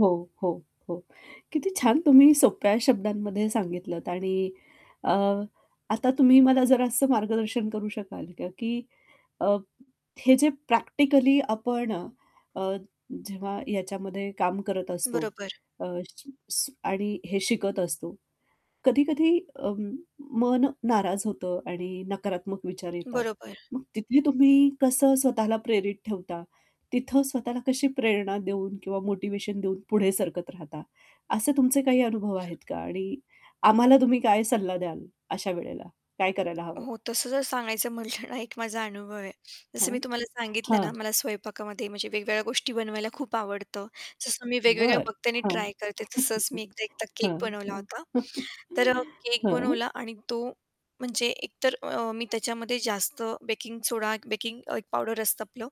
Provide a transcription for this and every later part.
हो, हो, हो. किती छान तुम्ही सोप्या शब्दांमध्ये सांगितलंत आणि अ, आता तुम्ही मला जरासं मार्गदर्शन करू शकाल का की अ, हे जे प्रॅक्टिकली आपण अ, अ, जेव्हा याच्यामध्ये काम करत असतो बरोबर. अ, सी श आणि हे शिकत असतो. कधी-कधी अं, मन नाराज होतं आणि नकारात्मक विचार येतात. बरोबर. मग तिथे तुम्ही कसं स्वतःला प्रेरित ठेवता? तिथं स्वतःला कशी प्रेरणा देऊन किंवा मोटिव्हेशन देऊन पुढे सरकत राहता? असे तुमचे काही अनुभव आहेत का आणि आम्हाला तुम्ही काय सल्ला द्याल, अशा वेळेला? काय करायला हवं? हो, तसं जर सांगायचं म्हटलं ना, एक माझा अनुभव आहे. जसं मी हं, तुम्हाला सांगितलं हं. ना, मला स्वयंपाकामध्ये म्हणजे वेगवेगळ्या गोष्टी बनवायला खूप आवडतं. जसं मी वेगवेगळ्या बरं. बघते आणि हां. ट्राय करते. तसंच मी एकदा एकदा केक हां, बनवला हां. होता. तर अ, केक हं. बनवला आणि तो म्हणजे एकतर अ, मी त्याच्यामध्ये जास्त बेकिंग सोडा एक बेकिंग अ, एक पावडर असतं आपलं,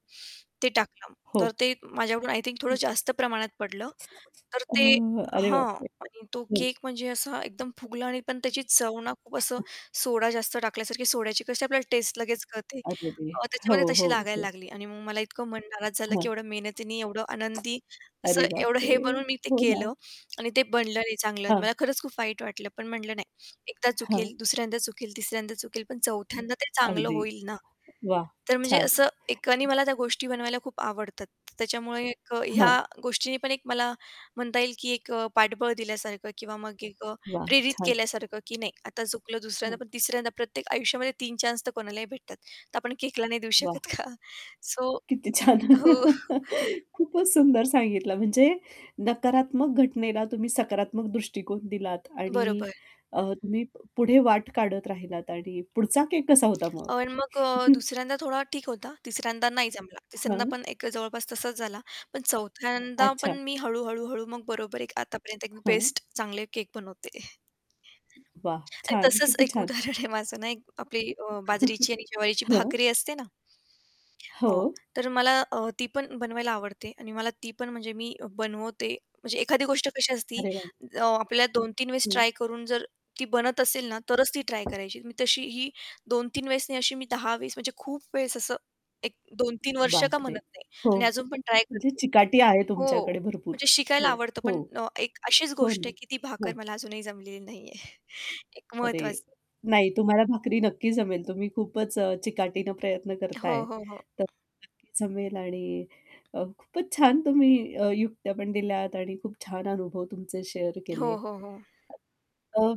ते टाकलं. तर हो. ते माझ्याकडून आय थिंक थोडं हं. जास्त प्रमाणात पडलं. तर अ, ते अरे हां. बापरे! आणि तो हं. केक म्हणजे असा एकदम फुगला आणि पण त्याची चव ना खूप असं सोडा जास्त टाकल्यासारखी सोड्याची कशी आपल्याला टेस्ट लगेच कळते. अरेरे! अ, हो, त्याच्यामध्ये तशी हो, लागायला हो. लागली आणि मग मला इतकं मन नाराज झालं, की हं. एवढं मेहनतीने एवढं आनंदी असं अरे एवढं बापरे! हे बनून मी ते हो ना. केलं आणि ते बनलं नाही चांगलं, हां. मला खरंच खूप वाईट वाटलं. पण म्हटलं नाही एकदा हां. चुकेल, दुसऱ्यांदा चुकेल, तिसऱ्यांदा चुकेल, पण चौथ्यांदा ते चांगलं अगदी. होईल ना! वाह! तर म्हणजे छान! असं एकानी मला त्या गोष्टी बनवायला खूप आवडतात. त्याच्यामुळे एक अ, ह्या हं. गोष्टीनी पण एक मला म्हणता येईल, की एक अ, पाठबळ दिल्यासारखं किंवा मग एक अ, वाह! प्रेरित छान! केल्यासारखं, की नाही आता चुकलं दुसऱ्यांदा हं. पण तिसऱ्यांदा प्रत्येक आयुष्यामध्ये 3 चान्स तर कोणालाही भेटतात. तर आपण केकला नाही देऊ वाह! शकत का? सो किती छान! हो. खूपच सुंदर सांगितलं, म्हणजे नकारात्मक घटनेला तुम्ही सकारात्मक दृष्टिकोन दिलात आणि बरोबर. अ, तुम्ही प पुढे वाट काढत राहिलात. आणि पुढचा केक कसा होता मग? अन् मग अ, दुसऱ्यांदा थोडा ठीक होता. तिसऱ्यांदा नाही जमला. तिसऱ्यांदा हं. पण एक जवळपास तसाच झाला, पण चौथ्यांदा पण अच्छा. मी हळू, हळू, हळू मग बरोबर एक आत्तापर्यंत एक हं. बेस्ट चांगले केक बनवते. वाह! आणि छान! तसंच किती एक छान! उदाहरण आहे माझं ना, एक आपली अ, बाजरीची आणि जवारीची हं. भाकरी असते ना हो, हो. तर मला अ, ती पण बनवायला आवडते आणि मला ती पण म्हणजे मी बनवते. म्हणजे एखादी गोष्ट कशी असती, अरे वाह! अ, आपल्याला 2-3 वेळेस हं. ट्राय करून जर ती बनत असेल ना, तरच ती ट्राय करायची. मी तशी ही 2-3 वेळेस नाही अशी मी 10 वेळेस म्हणजे खूप वेळेस असं एक 2-3 वर्ष का बापरे! म्हणत नाही हो. आणि अजून पण ट्राय म्हणजे करते. चिकाटी आहे हो, तुमच्याकडे भरपूर. म्हणजे शिकायला हो, आवडतं, हो. पण अ, एक अशीच हो गोष्ट ना. आहे, की ती भाकर हं. मला अजूनही जमलेली नाही आहे. एक अरे, महत्वाचं नाही तुम्हाला भाकरी नक्की जमेल. तुम्ही खूपच अ, चिकाटीने प्रयत्न करता हो, आहे, हो, हो. तर नक्की जमेल आणि अ, खूपच छान तुम्ही अ, युक्त्यापण दिल्यात आणि खूप छान अनुभव तुमचे शेअर हो, केले. हो, हो. अ